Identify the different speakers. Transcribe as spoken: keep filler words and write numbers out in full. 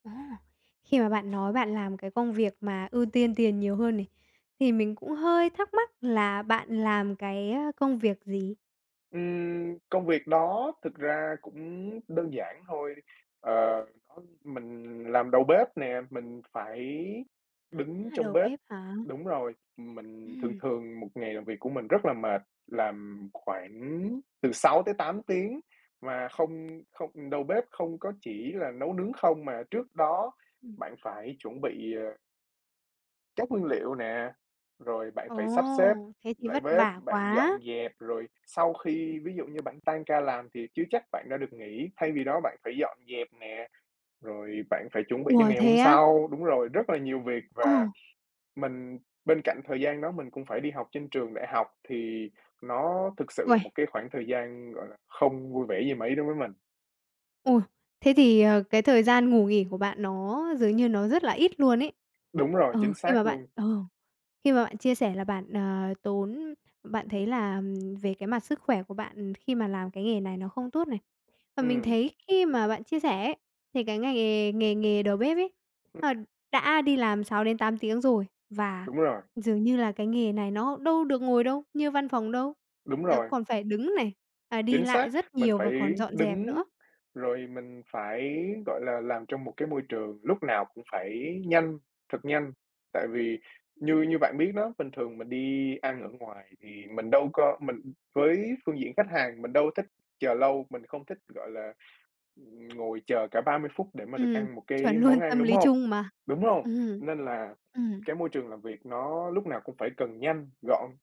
Speaker 1: À, khi mà bạn nói bạn làm cái công việc mà ưu tiên tiền nhiều hơn này, thì mình cũng hơi thắc mắc là bạn làm cái công việc gì?
Speaker 2: Ừm, công việc đó thực ra cũng đơn giản thôi, ờ, ưm, mình làm đầu bếp nè, mình phải đứng
Speaker 1: A,
Speaker 2: trong
Speaker 1: đầu
Speaker 2: bếp
Speaker 1: bếp hả?
Speaker 2: đúng rồi, ừm, mình thường
Speaker 1: Ừm.
Speaker 2: thường một ngày làm việc của mình rất là mệt, làm khoảng từ sáu tới tám tiếng mà không không đầu bếp không có chỉ là nấu nướng không mà trước đó
Speaker 1: Ừm.
Speaker 2: bạn phải chuẩn bị, ờ các nguyên liệu nè, rồi bạn
Speaker 1: Ồ,
Speaker 2: phải sắp xếp
Speaker 1: thế thì
Speaker 2: lại
Speaker 1: vất
Speaker 2: bếp,
Speaker 1: vả
Speaker 2: bạn dọn
Speaker 1: quá.
Speaker 2: dẹp rồi sau khi ví dụ như bạn tan ca làm thì chưa chắc bạn đã được nghỉ, thay vì đó bạn phải dọn dẹp nè, rồi bạn phải chuẩn bị cho
Speaker 1: Ủa,
Speaker 2: ngày hôm
Speaker 1: thế á?
Speaker 2: sau. Đúng rồi, rất là nhiều việc
Speaker 1: Ờ.
Speaker 2: và mình bên cạnh thời gian đó mình cũng phải đi học trên trường đại học thì nó thực sự là
Speaker 1: Uầy.
Speaker 2: một cái khoảng thời gian, gọi là, không vui vẻ gì mấy đối với mình.
Speaker 1: Ôi, thế thì, ờ, cái thời gian ngủ nghỉ của bạn nó dường như nó rất là ít luôn ấy.
Speaker 2: Đúng rồi,
Speaker 1: Ừ,
Speaker 2: chính
Speaker 1: khi
Speaker 2: xác
Speaker 1: mà bạn
Speaker 2: luôn.
Speaker 1: ờ, khi mà bạn chia sẻ là bạn, ờ, tốn bạn thấy là về cái mặt sức khỏe của bạn khi mà làm cái nghề này nó không tốt này. Và mình
Speaker 2: Ừm.
Speaker 1: thấy khi mà bạn chia sẻ ấy thì cái ngày nghề nghề nghề đầu bếp ấy,
Speaker 2: Ừm.
Speaker 1: ờ, đã đi làm sáu đến tám tiếng rồi và
Speaker 2: Đúng rồi.
Speaker 1: dường như là cái nghề này nó đâu được ngồi đâu, như văn phòng đâu.
Speaker 2: Đúng
Speaker 1: Nó
Speaker 2: rồi.
Speaker 1: còn phải đứng này và đi
Speaker 2: Chính
Speaker 1: lại
Speaker 2: xác,
Speaker 1: rất
Speaker 2: mình
Speaker 1: nhiều và còn
Speaker 2: phải
Speaker 1: dọn dẹp
Speaker 2: đứng
Speaker 1: nữa.
Speaker 2: rồi mình phải, gọi là, làm trong một cái môi trường lúc nào cũng phải nhanh, thật nhanh. Tại vì như
Speaker 1: Ừm.
Speaker 2: như bạn biết đó, bình thường mình đi ăn ở ngoài thì mình đâu có mình, ừm, với phương diện khách hàng mình đâu thích chờ lâu, mình không thích, gọi là, ừm, ngồi chờ cả ba mươi phút để mà được
Speaker 1: Ừm,
Speaker 2: ăn một
Speaker 1: chuẩn
Speaker 2: cái món
Speaker 1: luôn,
Speaker 2: ăn,
Speaker 1: tâm
Speaker 2: đúng
Speaker 1: lý
Speaker 2: hông?
Speaker 1: chung mà.
Speaker 2: Đúng hông?
Speaker 1: Ừm.
Speaker 2: Nên là
Speaker 1: ừm.
Speaker 2: cái môi trường làm việc nó lúc nào cũng phải cần nhanh, gọn.